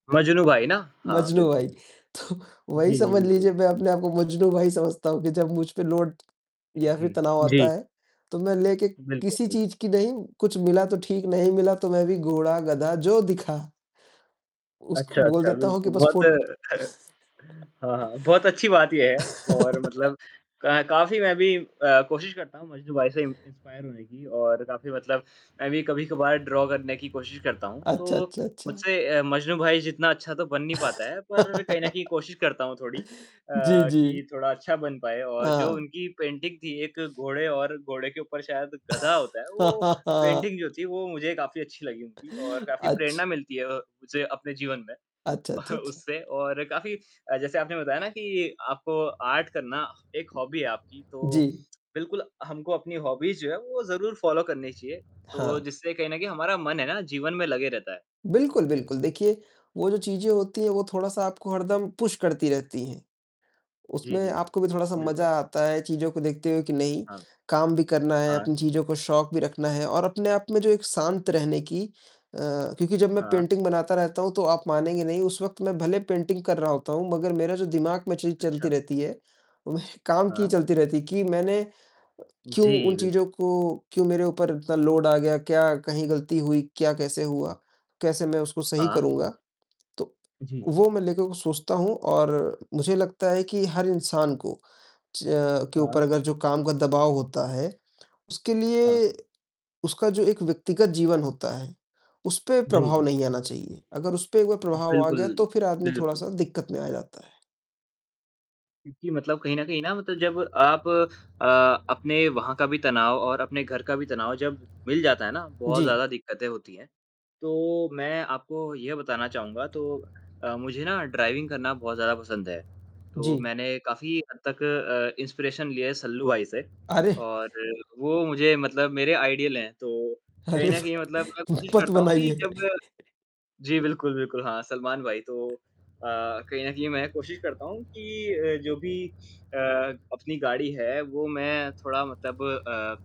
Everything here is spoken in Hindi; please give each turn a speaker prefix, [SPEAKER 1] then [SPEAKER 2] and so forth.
[SPEAKER 1] मजनू भाई ना। हाँ
[SPEAKER 2] मजनू
[SPEAKER 1] बिल्कुल।
[SPEAKER 2] भाई। तो वही
[SPEAKER 1] जी, जी
[SPEAKER 2] समझ लीजिए,
[SPEAKER 1] बिल्कुल।
[SPEAKER 2] मैं अपने आप को मजनू भाई समझता हूँ कि जब मुझ पे लोड
[SPEAKER 1] जी,
[SPEAKER 2] या फिर
[SPEAKER 1] जी।
[SPEAKER 2] तनाव आता
[SPEAKER 1] जी।
[SPEAKER 2] है, तो मैं लेके
[SPEAKER 1] बिल्कुल,
[SPEAKER 2] किसी
[SPEAKER 1] बिल्कुल।
[SPEAKER 2] चीज की नहीं, कुछ मिला तो ठीक नहीं मिला तो मैं भी घोड़ा, गधा जो दिखा
[SPEAKER 1] अच्छा,
[SPEAKER 2] उसको बोल
[SPEAKER 1] अच्छा।
[SPEAKER 2] देता हूँ कि
[SPEAKER 1] बिल्कुल
[SPEAKER 2] बस
[SPEAKER 1] बहुत
[SPEAKER 2] फ़ो
[SPEAKER 1] हाँ, हाँ, बहुत अच्छी बात ये है और मतलब क काफ़ी मैं भी अ, कोशिश करता हूँ, मजनू भाई से इन्स इंस्पायर होने की और काफ़ी मतलब मैं भी कभी कभार ड्रा करने की कोशिश करता हूँ,
[SPEAKER 2] अच्छा,
[SPEAKER 1] तो
[SPEAKER 2] अच्छा, अच्छा।
[SPEAKER 1] मुझसे अ, मजनू भाई जितना अच्छा तो बन नहीं पाता है, पर कहीं न कहीं कोशिश करता हूँ थोड़ी, अ,
[SPEAKER 2] जी, जी।
[SPEAKER 1] कि थोड़ा अच्छा बन पाए और जो
[SPEAKER 2] हाँ।
[SPEAKER 1] उनकी पेंटिंग थी एक घोड़े और घोड़े के ऊपर शायद गधा होता है, वो पेंटिंग जो थी, वो मुझे काफ़ी अच्छी लगी उनकी और काफ़ी
[SPEAKER 2] अच्छ
[SPEAKER 1] प्रेरणा मिलती है अ, मुझे अपने जीवन में
[SPEAKER 2] अच्छा, अच्छा, अच्छा।
[SPEAKER 1] उससे और काफ़ी जैसे आपने बताया ना कि आपको आर्ट करना एक हॉबी है आपकी, तो
[SPEAKER 2] जी।
[SPEAKER 1] बिल्कुल हमको अपनी हॉबीज़ जो है वो ज़रूर फॉलो करनी चाहिए तो
[SPEAKER 2] हाँ।
[SPEAKER 1] जिससे कहीं न कहीं हमारा मन है ना जीवन में लगे रहता है।
[SPEAKER 2] बिल्कुल, बिल्कुल। देखिए वो जो चीजें होती हैं, वो थोड़ा-सा आपको हरदम पुश करती रहती हैं,
[SPEAKER 1] जी,
[SPEAKER 2] उसमें
[SPEAKER 1] जी।
[SPEAKER 2] आपको भी थोड़ा-सा
[SPEAKER 1] बिल्कुल।
[SPEAKER 2] मजा आता है चीज़ों को देखते हुए कि नहीं,
[SPEAKER 1] हाँ।
[SPEAKER 2] काम भी करना है,
[SPEAKER 1] हाँ।
[SPEAKER 2] अपनी चीज़ों को शौक भी रखना है और अपने आप में जो एक शांत रहने की अ, क्योंकि जब मैं
[SPEAKER 1] हाँ।
[SPEAKER 2] पेंटिंग बनाता रहता हूँ, तो आप मानेंगे नहीं उस वक़्त मैं भले पेंटिंग कर रहा होता हूँ, मगर मेरा जो दिमाग में चीज चलती
[SPEAKER 1] अच्छा!
[SPEAKER 2] रहती है, वह काम की ही
[SPEAKER 1] हाँ।
[SPEAKER 2] चलती रहती है कि मैंने क्यों
[SPEAKER 1] जी
[SPEAKER 2] उन चीज़ों
[SPEAKER 1] बिल्कुल।
[SPEAKER 2] को क्यों मेरे ऊपर इतना लोड आ गया? क्या कहीं गलती हुई? क्या कैसे हुआ? कैसे मैं उसको सही
[SPEAKER 1] हाँ।
[SPEAKER 2] करूँगा? तो
[SPEAKER 1] जी।
[SPEAKER 2] वो मैं लेकर सोचता हूँ और मुझे लगता है कि हर इंसान को, च अ, के
[SPEAKER 1] हाँ।
[SPEAKER 2] ऊपर अगर जो काम का दबाव होता है, उसके
[SPEAKER 1] हाँ।
[SPEAKER 2] लिए उसका जो एक व्यक्तिगत जीवन होता है, उस पर
[SPEAKER 1] जी,
[SPEAKER 2] प्रभाव
[SPEAKER 1] जी।
[SPEAKER 2] नहीं आना चाहिए, अगर उस पे एक बार प्रभाव आ गया तो
[SPEAKER 1] बिल्कुल,
[SPEAKER 2] फिर आदमी
[SPEAKER 1] बिल्कुल।
[SPEAKER 2] थोड़ा-सा दिक्कत में आ जाता है।
[SPEAKER 1] क्योंकि मतलब कहीं न कहीं ना मतलब जब आप अ, अपने वहाँ का भी तनाव और अपने घर का भी तनाव जब मिल जाता है ना, बहुत
[SPEAKER 2] जी।
[SPEAKER 1] ज़्यादा दिक्कतें होती हैं, तो मैं आपको यह बताना चाहूँगा तो अ, मुझे ना ड्राइविंग करना बहुत ज़्यादा पसंद है, तो
[SPEAKER 2] जी।
[SPEAKER 1] मैंने काफ़ी हद तक अ, इंस्पिरेशन ली है सल्लू भाई से
[SPEAKER 2] अरे!
[SPEAKER 1] और वो मुझे मतलब मेरे आइडल हैं, तो कहीं
[SPEAKER 2] अरे
[SPEAKER 1] न कहीं
[SPEAKER 2] भाई!
[SPEAKER 1] मतलब मैं कोशिश
[SPEAKER 2] मत
[SPEAKER 1] करता हूँ कि जब
[SPEAKER 2] बनाइए।
[SPEAKER 1] मैं जी बिल्कुल, बिल्कुल। हाँ, सलमान भाई तो अ, कहीं न कहीं मैं कोशिश करता हूँ कि अ, जो भी अ, अपनी गाड़ी है वो मैं थोड़ा मतलब अ